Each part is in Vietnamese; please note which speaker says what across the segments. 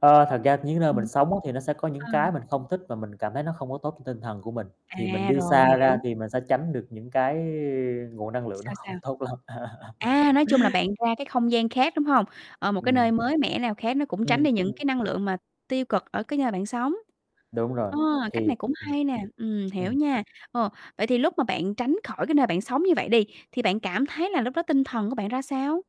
Speaker 1: Ơ, thật ra những nơi mình
Speaker 2: Ừm.
Speaker 1: sống á thì nó sẽ có những
Speaker 2: Ờ.
Speaker 1: cái mình không thích và mình cảm thấy nó không có tốt t tinh thần của mình, thì mình
Speaker 2: À,
Speaker 1: đi
Speaker 2: rồi,
Speaker 1: xa ra
Speaker 2: hiểu.
Speaker 1: thì mình sẽ tránh được những cái nguồn năng lượng nó
Speaker 2: Sao, sao?
Speaker 1: không tốt lắm.
Speaker 2: À, nói chung là, bạn ra cái không gian khác, đúng hông? Ờ, một cái
Speaker 1: Ừm.
Speaker 2: nơi mới mẻ nào khác nó cũng tránh
Speaker 1: Ừm,
Speaker 2: đi những
Speaker 1: ừm.
Speaker 2: cái năng lượng mà tiêu cực ở cái nơi bạn sống.
Speaker 1: Đúng rồi,
Speaker 2: Ờ, cách
Speaker 1: thì
Speaker 2: này cũng hay nè, ừm,
Speaker 1: ừm.
Speaker 2: hiểu
Speaker 1: Ừm.
Speaker 2: nha. Ừ, vậy thì lúc mà bạn tránh khỏi cái nơi bạn sống như vậy đi, thì bạn cảm thấy là lúc đó tinh thần của bạn ra sao?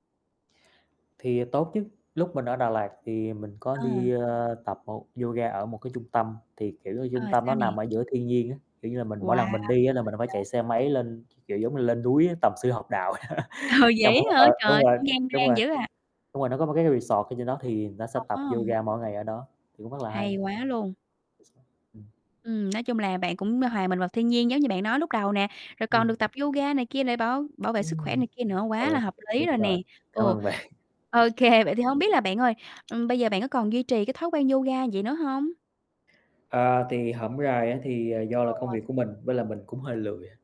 Speaker 1: Thì, à, tốt chứ, lúc mình ở Đà Lạt thì mình có đi,
Speaker 2: À.
Speaker 1: ờ, tập một yoga ở một cái trung tâm, thì, kiểu như,
Speaker 2: Ờ,
Speaker 1: trung tâm
Speaker 2: sao
Speaker 1: nó
Speaker 2: nè?
Speaker 1: nằm ở giữa thiên nhiên á, kiểu như là, mình mỗi
Speaker 2: Wow,
Speaker 1: lần mình đi á là
Speaker 2: thích
Speaker 1: mình phải
Speaker 2: vậy!
Speaker 1: chạy xe máy lên, kiểu, giống như lên núi á tầm sư học đạo.
Speaker 2: Ừ,
Speaker 1: Trong núi
Speaker 2: vậy hả,
Speaker 1: ơ,
Speaker 2: trời
Speaker 1: đúng
Speaker 2: ơi
Speaker 1: rồi,
Speaker 2: cũng gian
Speaker 1: đúng
Speaker 2: nan
Speaker 1: rồi.
Speaker 2: dữ à.
Speaker 1: Đúng rồi, nó có một cái resort ở trên đó thì nó ta sẽ tập
Speaker 2: Ờ. [unintelligible]
Speaker 1: yoga mỗi ngày ở đó, thì cũng rất là hay.
Speaker 2: Hay quá luôn.
Speaker 1: [unintelligible] Ừm.
Speaker 2: Ừm, nói chung là, bạn cũng hòa mình vào thiên nhiên giống như bạn nói lúc đầu nè, rồi còn
Speaker 1: Ừm.
Speaker 2: được tập yoga này kia để bảo bảo vệ sức khỏe
Speaker 1: Ừm,
Speaker 2: này kia nữa,
Speaker 1: ô
Speaker 2: quá là
Speaker 1: kê
Speaker 2: hợp
Speaker 1: [unintelligible]
Speaker 2: lý
Speaker 1: đúng
Speaker 2: rồi nè.
Speaker 1: rồi, cảm
Speaker 2: Ừ,
Speaker 1: ơn bạn.
Speaker 2: ô kê, vậy thì hông biết là bạn ơi, ừm, bây giờ bạn có còn duy trì cái thói quen yoga vậy nữa hông?
Speaker 1: À, thì hổm rày á thì, à, do là công
Speaker 2: Ừ.
Speaker 1: việc của mình nên là mình cũng hơi lười à.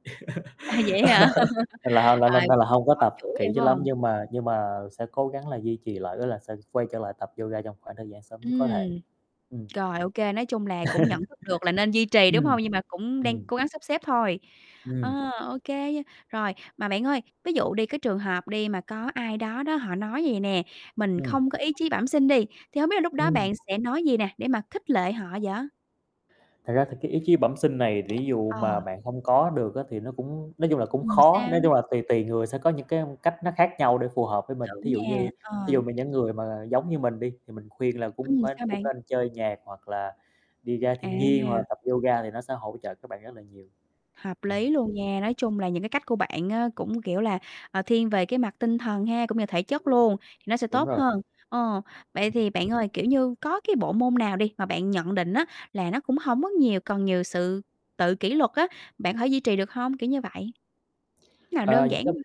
Speaker 2: À, vậy hả?
Speaker 1: Nên là ho lên lên
Speaker 2: Rồi,
Speaker 1: nên là hông có
Speaker 2: bỏ
Speaker 1: tập
Speaker 2: chuỗi rồi,
Speaker 1: kỹ
Speaker 2: phải
Speaker 1: cho lắm
Speaker 2: hông?
Speaker 1: nhưng mà nhưng mà sẽ cố gắng là duy trì lại, ý là sẽ quay trở lại tập yoga trong khoảng thời gian sớm nhất có thể.
Speaker 2: Ừm.
Speaker 1: Ừm.
Speaker 2: Rồi, ô kê, nói chung là, cũng nhận thức được là nên duy trì, đúng
Speaker 1: Ừm.
Speaker 2: hông? Nhưng mà cũng đang
Speaker 1: Ừm.
Speaker 2: cố gắng sắp xếp thôi.
Speaker 1: Ừm.
Speaker 2: Ờ, ô kê nha, rồi. Mà bạn ơi, ví dụ đi cái trường hợp đi mà có ai đó đó họ nói vầy nè: "Mình
Speaker 1: Ừm.
Speaker 2: không có ý chí bẩm sinh" đi. Thì hông biết là lúc đó
Speaker 1: Ừm.
Speaker 2: bạn sẽ nói gì nè để mà khích lệ họ vậy?
Speaker 1: Thật ra thì cái ý chí bẩm sinh này ví dụ
Speaker 2: Ờ.
Speaker 1: mà bạn hông có được á, thì nó cũng nói chung là, cũng
Speaker 2: Ừm,
Speaker 1: khó,
Speaker 2: sao?
Speaker 1: nói chung là, tùy tùy người sẽ có những cái âm cách nó khác nhau để phù hợp với mình.
Speaker 2: Đúng
Speaker 1: Thí dụ
Speaker 2: nha,
Speaker 1: như, thí dụ
Speaker 2: ờ.
Speaker 1: mà những người mà giống như mình đi thì mình khuyên là cũng
Speaker 2: Ừm,
Speaker 1: phải
Speaker 2: sao
Speaker 1: cũng
Speaker 2: bạn?
Speaker 1: nên chơi nhạc, hoặc là đi ra thiên nhiên, hoặc là
Speaker 2: À!
Speaker 1: tập yoga thì nó sẽ hỗ trợ các bạn rất là nhiều.
Speaker 2: Hợp
Speaker 1: Ừm.
Speaker 2: lý luôn nha, nói chung là, những cái cách của bạn á, cũng, kiểu là, ờ, thiên về cái mặt tinh thần ha, cũng như thể chất
Speaker 1: Ừm.
Speaker 2: luôn, thì nó sẽ
Speaker 1: Đúng
Speaker 2: tốt
Speaker 1: rồi.
Speaker 2: hơn. Ồ, vậy
Speaker 1: [unintelligible]
Speaker 2: thì bạn ơi, kiểu như, có cái bộ môn nào đi mà bạn nhận định á, là nó cũng hổng có nhiều cần nhiều sự tự kỷ luật á, bạn thể duy trì được hông, kiểu như vậy? Nào
Speaker 1: Ờ,
Speaker 2: đơn
Speaker 1: những
Speaker 2: giản
Speaker 1: cái
Speaker 2: thôi.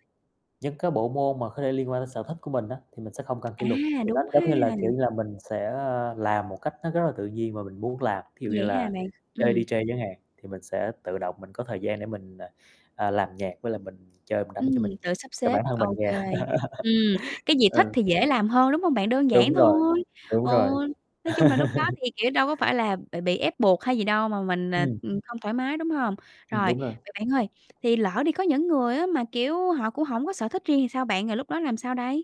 Speaker 1: những cái bộ môn mà khó thể liên quan đến sở thích của mình á, thì mình sẽ không cần kỷ luật,
Speaker 2: À,
Speaker 1: thì nó,
Speaker 2: đúng ha!
Speaker 1: giống như là, kiểu như là, mình sẽ, ơ, làm một cách nó rất là tự nhiên và mình muốn làm, thí dụ như
Speaker 2: Vậy ha
Speaker 1: là
Speaker 2: bạn.
Speaker 1: chơi
Speaker 2: Ừm.
Speaker 1: DJ chẳng hạn, thì mình sẽ tự động mình có thời gian để mình, à, à, làm nhạc với lại mình chơi mình đánh
Speaker 2: Ừm,
Speaker 1: cho mình,
Speaker 2: tự sắp
Speaker 1: cho
Speaker 2: xếp,
Speaker 1: bản thân mình
Speaker 2: ô
Speaker 1: nghe.
Speaker 2: kê. Ừm, cái gì thích
Speaker 1: Ừ.
Speaker 2: thì dễ làm hơn, đúng hông bạn? Đơn
Speaker 1: Đúng
Speaker 2: giản
Speaker 1: rồi,
Speaker 2: thôi.
Speaker 1: đúng
Speaker 2: Ừ,
Speaker 1: rồi.
Speaker 2: nói chung là, lúc đó thì, kiểu, đâu có phải là bị bị ép buộc hay gì đâu mà mình, à,
Speaker 1: Ừm.
Speaker 2: ừm, không thoải mái, đúng hông?
Speaker 1: Ừm,
Speaker 2: Rồi,
Speaker 1: đúng rồi.
Speaker 2: vậy bạn ơi, thì lỡ đi có những người á, mà, kiểu, họ cũng hổng có sở thích riêng thì sao bạn, rồi lúc đó làm sao đây?